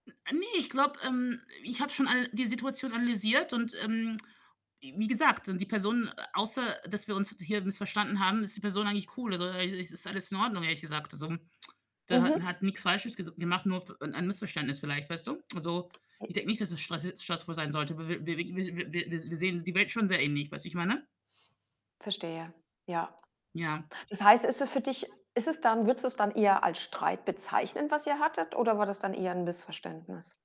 Ne, ich glaube, ähm, ich habe schon all die Situation analysiert und, ähm, w wie gesagt, und die Person außer, dass wir uns hier missverstanden haben, ist die Person eigentlich cool, also, äh i ist alles in Ordnung, ehrlich gesagt, so. Der hat Mhm. hat nix falsches ges wir machen nur f ein ein Missverständnis vielleicht, weißt du? Also, Äh ich denke nicht, dass es stress stressfrei sein sollte. Wir w w w wir wir s wir sehen die Welt schon sehr ähnlich, weißt du wie ich meine? Verstehe, ja. Ja. Das heißt ist so für dich ist es dann würdest du es dann eher als Streit bezeichnen, was ihr hattet oder war das dann eher 'n Missverständnis?